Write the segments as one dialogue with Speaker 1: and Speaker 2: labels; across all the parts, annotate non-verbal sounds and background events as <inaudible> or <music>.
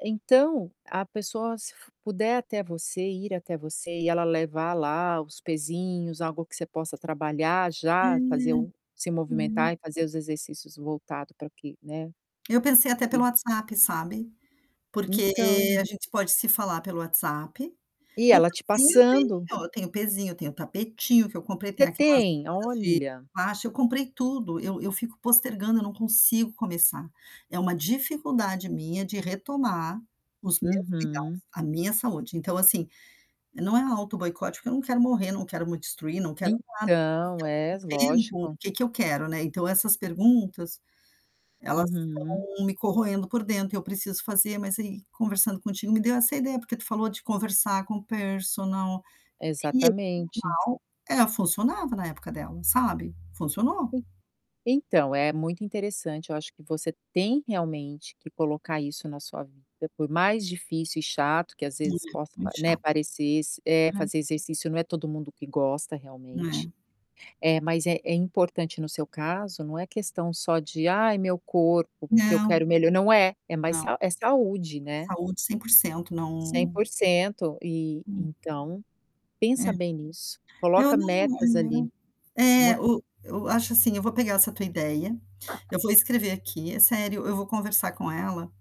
Speaker 1: Então, a pessoa se fu puder até você, ir até você e ela levar lá os pezinhos, algo que você possa trabalhar
Speaker 2: Hã.
Speaker 1: já, fazer um se movimentar
Speaker 2: É.
Speaker 1: e fazer os exercícios voltado para que né.
Speaker 2: Eu pensei até pelo
Speaker 1: <unintelligible>
Speaker 2: WhatsApp, sabe? Porque a
Speaker 1: Então.
Speaker 2: gente pode se falar pelo WhatsApp.
Speaker 1: E
Speaker 2: O
Speaker 1: ela te
Speaker 2: pezinho eu
Speaker 1: passando
Speaker 2: tenho, tenho o pezinho, eu tenho o tapetinho que eu comprei, tem
Speaker 1: Você
Speaker 2: aquelas
Speaker 1: tem?
Speaker 2: coisas de
Speaker 1: Olha!
Speaker 2: elástico, eu comprei tudo, eu eu fico postergando, eu não consigo começar. É uma dificuldade minha de retomar os meus cuidados,
Speaker 1: Uhum.
Speaker 2: a minha saúde. Então assim, não é autoboicote porque eu não quero morrer, não quero me destruir, não quero nada, mas
Speaker 1: Então,
Speaker 2: e ao
Speaker 1: és,
Speaker 2: mesmo tempo, o
Speaker 1: lógico.
Speaker 2: que que eu quero, né. Então, essas perguntas, elas
Speaker 1: Uhum.
Speaker 2: estão me corroendo por dentro e eu preciso fazer, mas aí conversando contigo me deu essa ideia porque tu falou de conversar com o personal, e é
Speaker 1: Exatamente.
Speaker 2: nal é funcionava na época dela, sabe? Funcionou.
Speaker 1: E. Então, é muito interessante, eu acho que você tem realmente que colocar isso na sua vida, por mais difícil e chato que, às
Speaker 2: E
Speaker 1: vezes,
Speaker 2: é
Speaker 1: possa
Speaker 2: muito
Speaker 1: pare né,
Speaker 2: chato.
Speaker 1: parecesse, eh,
Speaker 2: É.
Speaker 1: fazer exercício não é todo mundo que gosta realmente.
Speaker 2: É.
Speaker 1: É, mas é é importante no seu caso, não é questão só de: "Ai meu corpo, porque eu
Speaker 2: Não.
Speaker 1: quero melhor." Não é. É mais
Speaker 2: Não.
Speaker 1: sau é saúde, né?
Speaker 2: Saúde 100%
Speaker 1: cem
Speaker 2: não
Speaker 1: porcento e
Speaker 2: Hum.
Speaker 1: então,
Speaker 2: É.
Speaker 1: pensa bem nisso,
Speaker 2: Eu
Speaker 1: coloca
Speaker 2: não eu
Speaker 1: metas
Speaker 2: não
Speaker 1: ali, mo
Speaker 2: Eh, o, eu acho assim, eu vou pegar essa tua ideia, eu vou escrever aqui, é sério, eu vou conversar com ela,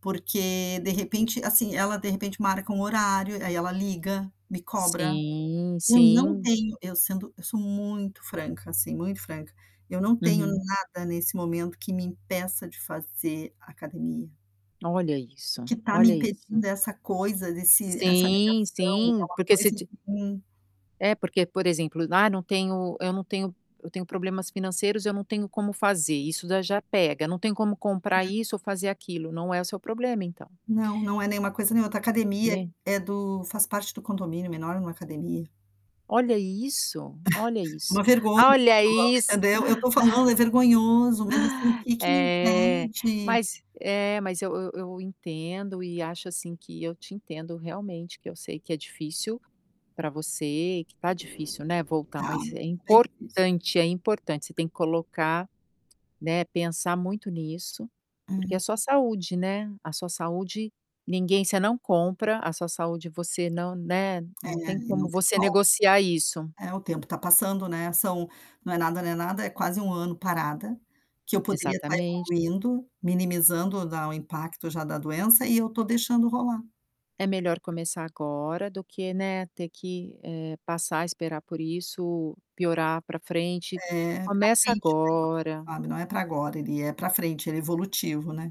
Speaker 2: porque de repente assim ela de repente marca um horário e aí ela liga, me cobra.
Speaker 1: Sim,
Speaker 2: Eu não
Speaker 1: sim.
Speaker 2: tenho eu sendo eu sou muito franca assim, muito franca. Eu não tenho
Speaker 1: Uhum.
Speaker 2: nada nesse momento que me impeça de fazer academia.
Speaker 1: Olha
Speaker 2: O
Speaker 1: isso,
Speaker 2: que está me
Speaker 1: olha isso.
Speaker 2: impedindo essa coisa desse essa
Speaker 1: Sim,
Speaker 2: negação, é
Speaker 1: sim
Speaker 2: uma
Speaker 1: porque se
Speaker 2: coisa
Speaker 1: ti
Speaker 2: assim
Speaker 1: é porque por exemplo: "Ah não tenho eu não tenho eu tenho problemas financeiros eu não tenho como fazer" isso já já pega, não tem como
Speaker 2: Né.
Speaker 1: comprar isso ou fazer aquilo, não é o seu problema então.
Speaker 2: Não, não é nenhuma coisa, nem outra. A academia
Speaker 1: Né.
Speaker 2: é do faz parte do condomínio menor numa academia.
Speaker 1: Olha isso! Olha
Speaker 2: <chuckles> É
Speaker 1: isso,
Speaker 2: uma vergonha,
Speaker 1: olha isso!
Speaker 2: entendeu? Eu estou falando é vergonhoso mas assim o
Speaker 1: <chuckles>
Speaker 2: que que me
Speaker 1: É,
Speaker 2: impede?
Speaker 1: mas, eh mas eu eu eu entendo e acho assim que eu te entendo realmente que eu sei que é difícil para você, que está difícil, né, voltar
Speaker 2: Tá,
Speaker 1: mas é
Speaker 2: bem difícil.
Speaker 1: importante, é importante. Você tem que colocar né, pensar muito nisso, porque
Speaker 2: Uhum.
Speaker 1: é sua saúde, né, a sua saúde ninguém você não compra, a sua saúde você não, né,
Speaker 2: É,
Speaker 1: não tem
Speaker 2: e
Speaker 1: como
Speaker 2: não tem
Speaker 1: você
Speaker 2: volta.
Speaker 1: negociar isso.
Speaker 2: É o tempo está passando, né, são não é nada, não é nada, é quase 1 ano parada, que eu poderia estar
Speaker 1: Exatamente.
Speaker 2: evoluindo, minimizando dar o impacto já da doença e eu estou deixando rolar.
Speaker 1: É melhor começar agora do que, né, ter que, eh, passar, esperar por isso, piorar para frente,
Speaker 2: É, para
Speaker 1: começa
Speaker 2: frente o negócio,
Speaker 1: agora.
Speaker 2: sabe, não é para agora, ele é para frente, ele evolutivo, né.